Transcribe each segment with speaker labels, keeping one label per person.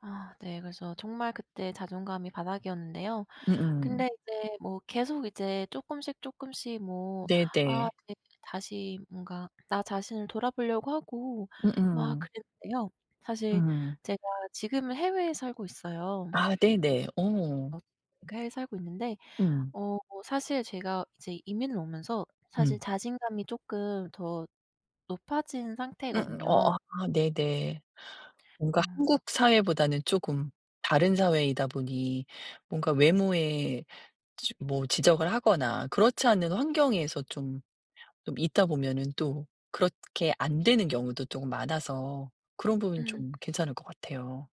Speaker 1: 아 네. 그래서 정말 그때 자존감이 바닥이었는데요.
Speaker 2: 음음.
Speaker 1: 근데 이제 뭐 계속 이제 쪼끔씩, 쪼끔씩 뭐 아
Speaker 2: 네네.
Speaker 1: 그게 다시 뭔가 나 자신을 돌아보려고 하고 막
Speaker 2: 음음.
Speaker 1: 그랬는데요. 사실
Speaker 2: 음.
Speaker 1: 제가 지금은 해외에 살고 있어요.
Speaker 2: 아 네네. 어.
Speaker 1: 엇 해외에 살고 있는데
Speaker 2: 음.
Speaker 1: 어 사실 제가 이제 이민을 오면서 사실
Speaker 2: 음.
Speaker 1: 자신감이 쪼끔 더 높아진
Speaker 2: 음
Speaker 1: 상태거든요.
Speaker 2: 어 아 네네. 뭔가
Speaker 1: 어.
Speaker 2: 한국 사회보다는 쪼금 다른 사회이다 보니 뭔가 외모에 지 뭐 지적을 하거나 그렇지 않은 환경에서 좀 좀 있다 보면은 또 그렇게 안되는 경우도 쪼금 많아서 그런 부분이
Speaker 1: 음.
Speaker 2: 좀 괜찮을 것 같아요.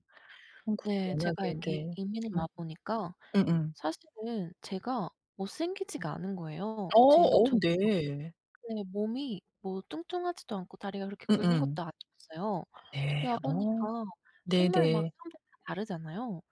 Speaker 2: 한국은
Speaker 1: 네. 제가
Speaker 2: 워낙에
Speaker 1: 이렇게
Speaker 2: 네.
Speaker 1: 이민을
Speaker 2: 음.
Speaker 1: 와보니까
Speaker 2: 음음.
Speaker 1: 사실은 제가 못생기지가 않은 거예요.
Speaker 2: 어
Speaker 1: 제가
Speaker 2: 어
Speaker 1: 저
Speaker 2: 네.
Speaker 1: 네. 몸이 뭐 뚱뚱하지도 않고 다리가 그렇게 굵은
Speaker 2: 음음.
Speaker 1: 것도 아니었어요. 여기
Speaker 2: 네. 어
Speaker 1: 와보니까 정말 막
Speaker 2: 네네.
Speaker 1: 사람들 다 다르잖아요.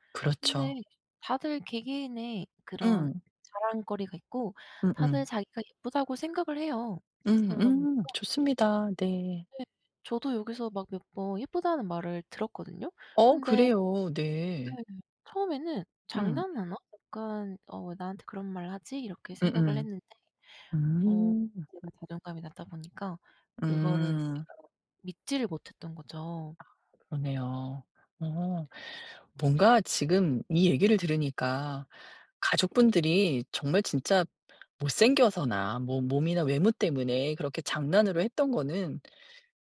Speaker 1: 근데
Speaker 2: 그렇죠.
Speaker 1: 다들 개개인의 그런
Speaker 2: 음.
Speaker 1: 자랑거리가 있고 다들
Speaker 2: 음음.
Speaker 1: 자기가 예쁘다고 생각을 해요. 그러다 보니까
Speaker 2: 음음 좋습니다. 네.
Speaker 1: 네. 저도 여기서 막 몇 번 예쁘다는 말을 들었거든요.
Speaker 2: 어
Speaker 1: 근데
Speaker 2: 그래요. 네.
Speaker 1: 네. 처음에는
Speaker 2: 음.
Speaker 1: '장난하나? 약간 어 왜 나한테 그런 말 하지?' 이렇게 생각을
Speaker 2: 음음
Speaker 1: 했는데 어
Speaker 2: 음.
Speaker 1: 제가 자존감이 낮다 보니까 그거를 이제
Speaker 2: 음.
Speaker 1: 제가 믿지를 못 했던 거죠.
Speaker 2: 아 그러네요. 어 뭔가 지금 이 얘기를 들으니까 가족분들이 정말 진짜 못생겨서나 뭐 몸이나 외모 때문에 그렇게 장난으로 했던 거는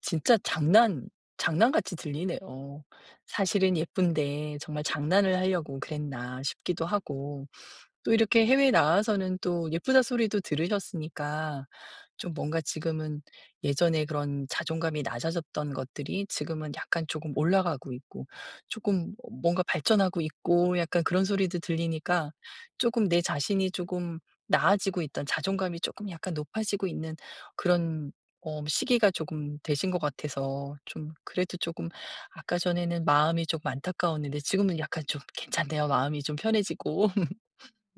Speaker 2: 진짜 장난 장난같이 들리네요. 사실은 예쁜데 정말 장난을 하려고 그랬나 싶기도 하고 또 이렇게 해외에 나와서는 또 예쁘다 소리도 들으셨으니까 좀 뭔가 지금은 예전에 그런 자존감이 낮아졌던 것들이 지금은 약간 쪼금 올라가고 있고 쪼끔 어 뭔가 발전하고 있고 약간 그런 소리도 들리니까 쪼금 내 자신이 쪼금 나아지고 있던 자존감이 쪼끔 약간 높아지고 있는 그런 어 시기가 쪼금 되신 것 같아서 좀 그래도 쪼금 아까 전에는 마음이 조금 안타까웠는데 지금은 약간 좀 괜찮네요. 마음이 좀 편해지고.